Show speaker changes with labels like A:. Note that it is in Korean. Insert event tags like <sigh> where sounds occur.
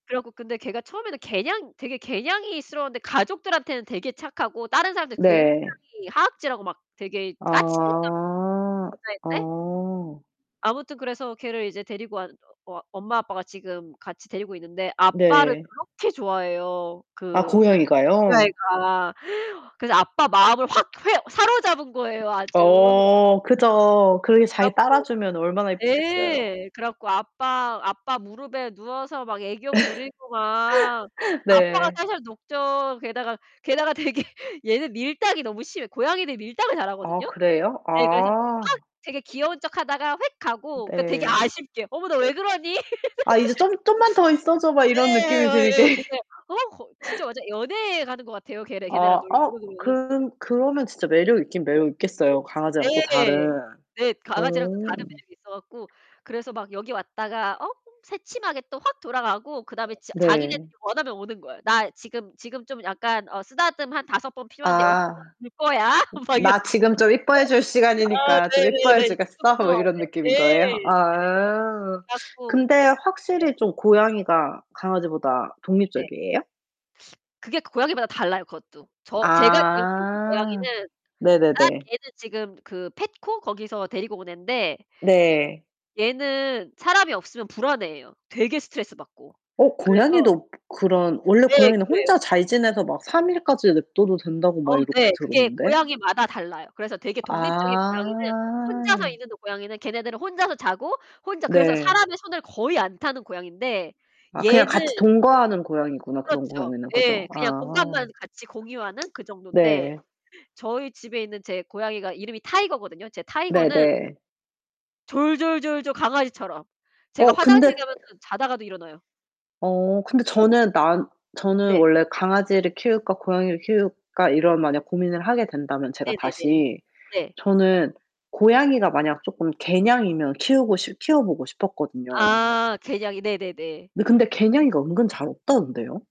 A: 그래 갖고 근데 걔가 처음에는 개냥 되게 개냥이스러웠는데 가족들한테는 되게 착하고 다른 사람들 굉장히
B: 네.
A: 하악질하고 막 되게 까칠한
B: 아.
A: <unintelligible>
B: 어.
A: 아무튼 그래서 걔를 이제 데리고 왔 어 엄마 아빠가 지금 같이 데리고 있는데 아빠를
B: 네.
A: 그렇게 좋아해요
B: 아
A: 그 그
B: 고양이가요?
A: 아이가. <gasps> 그래서 아빠 마음을 확 휘어 사로잡은 거예요, 아주.
B: 어. 그죠. 그렇게 잘
A: 그래
B: 이
A: 갖고
B: 따라주면 얼마나 이쁘겠어요.
A: 네 그래갖고 아빠 아빠 무릎에 누워서 막 애교 부리고 막
B: <laughs>
A: 아빠가
B: 네.
A: 살살 녹죠. 게다가 게다가 되게 얘는 밀당이 너무 심해. 고양이들이 밀당을
B: 아
A: 잘하거든요.
B: 그래요?
A: 예. 그래서 막
B: 아.
A: 되게 귀여운 척하다가 홱 가고 그니까 되게
B: 네.
A: 아쉽게 "어머. 너 왜 그러니?"
B: 아 이제 "좀
A: <laughs>
B: 좀만 더 있어줘." 막 이런 느낌이 들게.
A: 예예예예, 되게
B: <laughs>
A: 어 거 진짜 완전 연애 하는 것 같아요. 걔네 걔네랑
B: 아 아.
A: 놀면은.
B: 그럼 그러면 진짜 매력 있긴 매력 있겠어요, 강아지랑 또 다른.
A: 네. 네.
B: 어.
A: 강아지랑은 또 다른 매력이 있어 갖고 그래서 막 여기 왔다가 어? 새침하게 또 확 돌아가고 그다음에 지 자기네들이
B: 네.
A: 원하면 오는 거예요. "나 지금 지금 좀 약간 어 쓰다듬 한 5 번 필요한데 6 번
B: 아.
A: 볼 거야?" 막 이러고.
B: "나 지금 좀 이뻐해 줄
A: 아.
B: 시간이니까 좀 이뻐해
A: 네네네.
B: 주겠어?" 뭐 이런
A: <unintelligible>
B: 느낌인 거예요?
A: 네.
B: 아.
A: 그래 갖고
B: 근데
A: 네.
B: 확실히 좀 고양이가 강아지보다
A: 네.
B: 독립적이에요?
A: 그게 고 고양이마다 달라요, 그것도. 저 제가 지금 키우는
B: 아.
A: 고양이는 아
B: 네네네.
A: 얘는 지금 그 펫코 거기서 데리고 온 앤데
B: 네.
A: 얘는 사람이 없으면 불안해 해요, 되게 스트레스 받고.
B: 어
A: 그래서
B: 고양이도 그 그런 원래
A: 네.
B: 고양이는
A: 그래요.
B: 혼자 잘 지내서 막 3 일까지 냅둬도 된다고
A: 어우
B: 막 이렇게
A: 네. 그게
B: 들었는데.
A: 고양이마다 달라요. 그래서 되게 독립적인 고양이는 혼자서
B: 아.
A: 있는 고양이는 걔네들은 혼자서 자고 혼자 그래서
B: 네.
A: 사람의 손을 거의 안 타는 고양이인데
B: 아 그냥 같이
A: 얘는
B: 동거하는 고양이구나 그런
A: 그렇죠.
B: 고양이는
A: 예.
B: 그죠?
A: 그냥
B: 아.
A: 공간만 같이 공유하는 그 정돈데
B: 네.
A: 저희 집에 있는 제 고양이가 이름이 타이거거든요. 이제 타이거는
B: 네네.
A: 졸졸졸졸 강아지처럼. 제가
B: 어 근데
A: 화장실 가면은 자다가도 일어나요.
B: 어 근데 저는 난 저는
A: 네.
B: 원래 강아지를 키울까, 고양이를 키울까 이런 만약 고민을 하게 된다면 제가
A: 네네네.
B: 다시
A: 네.
B: 저는 고양이가 만약 조금 개냥이면 키우고 싶 키워보고 싶었거든요.
A: 아 개냥이. 네네네.
B: 네. 근데 개냥이가 은근 잘 없다던데요.